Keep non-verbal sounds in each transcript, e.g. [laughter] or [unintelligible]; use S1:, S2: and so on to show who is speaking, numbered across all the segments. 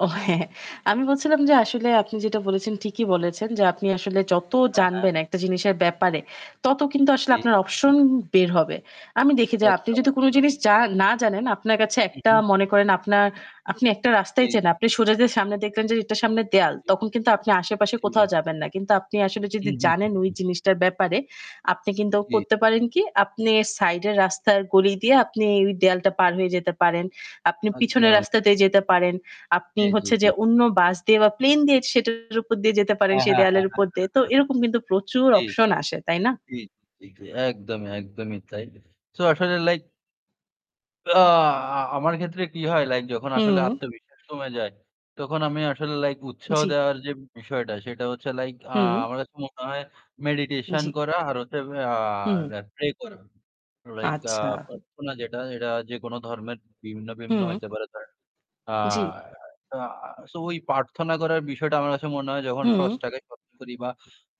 S1: ও হ্যাঁ, হ্যাঁ, আমি বলছিলাম যে আসলে আপনি যেটা বলেছেন, ঠিকই বলেছেন, যে আপনি আসলে যত
S2: আহা!
S1: জানবেন একটা জিনিসের ব্যাপারে তত কিন্তু আসলে
S2: জি।
S1: আপনার option বের হবে। আমি দেখি যে আপনি
S2: একদম,
S1: যদি কোন
S2: একদম।
S1: জিনিস যা না জানেন আপনার কাছে
S2: হুম,
S1: একটা
S2: হুম।
S1: মনে করেন আপনার আপনি একটা
S2: জি,
S1: রাস্তায় চেনেন আছেন আপনি
S2: জি।
S1: সোজা যে সামনে দেখলেন যে এটার সামনে দেয়াল
S2: জি।
S1: তখন কিন্তু আপনি আশেপাশে কোথাও
S2: জি।
S1: যাবেন না। কিন্তু আপনি আসলে
S2: হু,
S1: যদি
S2: হু, হু,
S1: জানেন ওই
S2: হু।
S1: জিনিসটার ব্যাপারে আপনি কিন্তু
S2: জি।
S1: করতে পারেন কি আপনি সাইডের রাস্তার গলি দিয়ে আপনি ওই দেয়ালটা পার হয়ে যেতে পারেন। আপনি পিছনের
S2: একদম।
S1: রাস্তা দিয়ে যেতে পারেন। আপনি
S2: জি, জি,
S1: হচ্ছে যে
S2: জি।
S1: অন্য বাস দিয়ে বা প্লেন দিয়ে সেটার উপর দিয়ে যেতে পারেন
S2: অ্যা
S1: সেই
S2: হ্যাঁ, হ্যাঁ,
S1: দেয়ালের
S2: হ্যাঁ,
S1: উপর দিয়ে।
S2: হ্যাঁ,
S1: তো
S2: হ্যাঁ।
S1: এরকম কিন্তু প্রচুর
S2: জি।
S1: option আসে, তাই না?
S2: জি, জি। একদমই, একদমই তাই। So আসলে like আ আমার ক্ষেত্রে কি হয় like যখন আসলে
S1: হুম।
S2: আত্মবিশ্বাস কমে যায় তখন আমি আসলে like উৎসাহ
S1: জি।
S2: দেওয়ার যে বিষয়টা সেটা হচ্ছে like আ
S1: হুম।
S2: আমার কাছে মনে হয় meditation
S1: জি।
S2: করা, আর হচ্ছে আ
S1: হুম।
S2: দে pray করা। Like আ
S1: আচ্ছা।
S2: প্রার্থনা যেটা সেটা যেকোনো ধর্মের বিভিন্ন, বিভিন্ন
S1: হুম।
S2: হইতে পারে ধরেন, আ
S1: জি।
S2: আ so ওই প্রার্থনা করার বিষয়টা আমার কাছে মনে হয় যখন
S1: হুম।
S2: স্রষ্টাকে স্মরন করি বা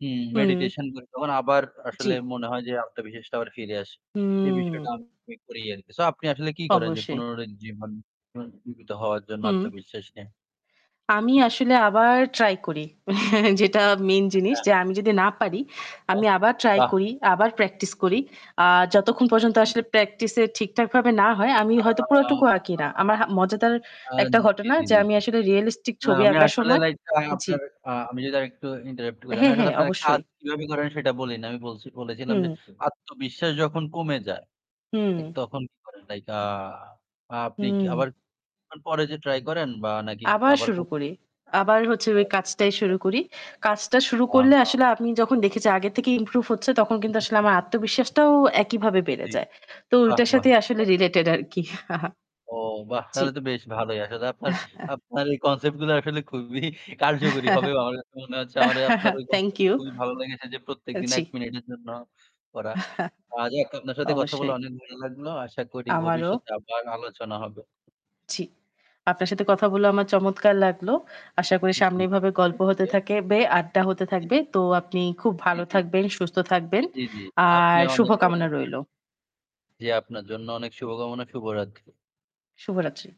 S2: উম
S1: হুম।
S2: meditation করি তখন আবার
S1: জি।
S2: আসলে মনে হয় যে আত্মবিশ্বাসটা আবার ফিরে আসে। এই বিষয়টা
S1: হুম।
S2: আমি করি আরকি। So আপনি আসলে কি করেন যে
S1: অবশ্যই।
S2: পুনরাজ্জীবন পুনরুজ্জিবীত হওয়ার জন্য
S1: হুম।
S2: আত্মবিশ্বাস নিয়ে?
S1: আমি আসলে আবার try করি, [chuckles] যেটা main জিনিস
S2: আচ্ছা।
S1: যে আমি যদি না পারি
S2: আচ্ছা।
S1: আমি আবার try
S2: বাহ!
S1: করি আবার practice
S2: জি,
S1: করি।
S2: জি।
S1: আ যতক্ষণ পর্যন্ত
S2: হু, হু।
S1: আসলে practice এ ঠিকঠাক ভাবে না হয় আমি
S2: আ
S1: হয়তো পুরাটুকু আঁকি
S2: আ
S1: না। আমার হা মজাদার
S2: আ
S1: একটা
S2: জি,
S1: ঘটনা
S2: জি,
S1: যে
S2: জি,
S1: আমি
S2: জি।
S1: আসলে realistic
S2: না
S1: ছবি
S2: আমি
S1: আঁকার
S2: আসলে
S1: সময়
S2: like আ
S1: জি।
S2: আপনার, আ আমি যদি আরেকটু interrupt করি, আমি
S1: হ্যাঁ,
S2: আসলে
S1: হ্যাঁ
S2: আপনার কাজ
S1: অবশ্যই।
S2: কিভাবে করেন সেটা বলি নাই। আমি বলছি, বলেছিলাম যে
S1: হুম।
S2: আত্মবিশ্বাস যখন কমে যায়
S1: হুম।
S2: like তখন কি করেন? Like আ আপনি কি
S1: হুম।
S2: আবার কিছুক্ষণ পরে যেয়ে try করেন বা নাকি
S1: আবার
S2: আবার কু
S1: শুরু করি। আবার হচ্ছে ওই কাজটাই শুরু
S2: [unintelligible]
S1: করি। কাজটা শুরু করলে আসলে আমি যখন দেখেছি
S2: [unintelligible]
S1: আগের থেকে improve হচ্ছে তখন
S2: হু,
S1: কিন্তু
S2: হু,
S1: আসলে
S2: হু,
S1: আমার
S2: হু।
S1: আত্মবিশ্বাসটাও একইভাবে বেড়ে
S2: জি,
S1: যায়।
S2: জি।
S1: তো
S2: বাহ,
S1: ওইটার
S2: বাহ!
S1: সাথেই আসলে related আরকি [chuckles]
S2: ও বাহ!
S1: জি।
S2: তাহলে তো বেশ ভালোই। আসলে আপনার,
S1: [chuckles]
S2: আপনার এই concept গুলা আসলে খুবই কার্যকরী হবে। আমার কাছে মনে হচ্ছে আমারে আপনার
S1: [chuckles]
S2: ওই
S1: Thank
S2: concept টা
S1: you।
S2: খুবই ভালো লেগেছে যে প্রত্যেকদিন
S1: জি।
S2: ১ মিনিটের জন্য করা।
S1: [chuckles]
S2: আজ এক আপনার সাথে কথা বলে
S1: অবশ্যই।
S2: অনেক ভালো লাগলো। আশা করি
S1: আমারও।
S2: ভবিষ্যতে আবার আলোচনা হবে।
S1: জি। আপনার সাথে কথা বলে আমার চমৎকার লাগলো! আশা করি
S2: জি
S1: সামনে এভাবে গল্প
S2: উম
S1: হতে
S2: জিয়া
S1: থাকে বে আড্ডা হতে
S2: জি।
S1: থাকবে। তো আপনি খুব
S2: জি,
S1: ভালো
S2: জি।
S1: থাকবেন, সুস্থ থাকবেন
S2: জি, জি।
S1: আর
S2: আপনেও অনেক ভালো
S1: শুভকামনা
S2: থাকবেন।
S1: রইল।
S2: জি আপনার জন্য অনেক শুভকামনা, শুভরাত্রি।
S1: শুভরাত্রি।